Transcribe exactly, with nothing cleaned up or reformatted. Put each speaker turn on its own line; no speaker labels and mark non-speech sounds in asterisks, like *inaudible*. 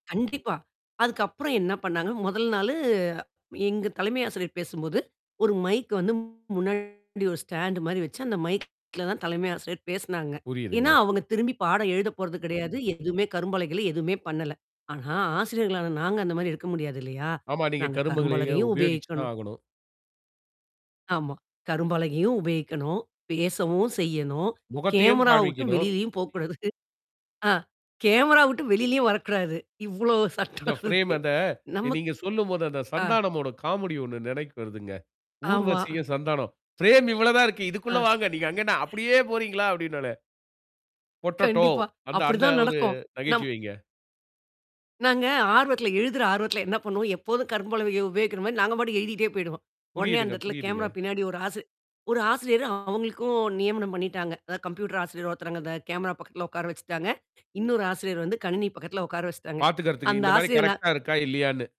கண்டிப்பா. அதுக்கப்புறம் என்ன பண்ணாங்க? முதல் நாளு எங்க தலைமை ஆசிரியர் பேசும்போது ஒரு மைக் வந்து முன்னாடி ஒரு ஸ்டாண்ட் மாரி வச்சு, அந்த மைக்ல தான் தலைமை ஆசிரியர் பேசினாங்க. ஏன்னா,
புரியுதுங்க.
அவங்க திரும்பி பாடம் எழுதப் போறது கிடையாது. எதுவுமே கரும்பலகைல எதுவுமே பண்ணல. ஆனா, ஆசிரியர்களான நாங்க அந்த மாதிரி இருக்க முடியாது இல்லையா?
ஆமா, நீங்க
நாங்க
கருமுகளை
கரும்பலகையும்
உபயோகிச்சு தான்
உபயோகிக்கணும்.
ஆகணும்.
ஆமா. கரும்பலகையும் உபயோகிக்கணும், பேசவும் செய்யணும்,
முகத்தையும்
கேமரா விட்டு
காண்பிக்கணும்.
வெளியிலயும் போகக் கூடாது. ஆஹ். கேமரா விட்டு வெளியிலயும் வரக் கூடாது. இவ்வளவு
இந்த
சட்டம்
ஃப்ரேம்
இருக்கு.
அந்த
நமக்
நீங்க சொல்லும்போது அந்தச்
ஆ.
சந்தானமோட காமெடி ஒண்ணு நினைக்கு வருதுங்க.
ஆமா.
ஊர்வசியும், சந்தானம் ஃப்ரேம் இவ்வளவுதான் இருக்கு.
ஆ.
இதுக்குள்ள வாங்க. நீங்க அங்கே அப்படியே
*chuckles*
போறீங்களா? அப்படின்னுவானே. பொட்டேட்டோ
கண்டிப்பா,
அந்த அந்த
அப்படித்தான்
ஒரு
நடக்கும். நம்
நகைச்சுவைங்க.
நாங்க ஆர்வத்துல, எழுதுற ஆர்வத்துல என்ன பண்ணுவோம்? எப்போதும் கரும்பலகையை உபயோகிக்கிற மாதிரி நாங்க பாட்டுக்கு எழுதிட்டே போயிடுவோம். உடனே அந்த
புரியுதுங்க,
இடத்துல
புரியுதுங்க.
கேமரா பின்னாடி ஒரு ஆசி ஒரு ஆசிரியர் அவங்களுக்கும் நியமனம் பண்ணிட்டாங்க. அதாவது கம்ப்யூட்டர் ஆசிரியர் ஒருத்தர் அந்த கேமரா பக்கத்துல உட்கார வச்சுட்டாங்க. இன்னொரு ஆசிரியர் வந்து, கணினி பக்கத்துல உட்கார வச்சுட்டாங்க.
பாத்துக்கறதுக்கு
அந்த
இந்த மாரி
ஆசிரியர் நான்
கரெக்ட்டா இருக்கா, இல்லையானு.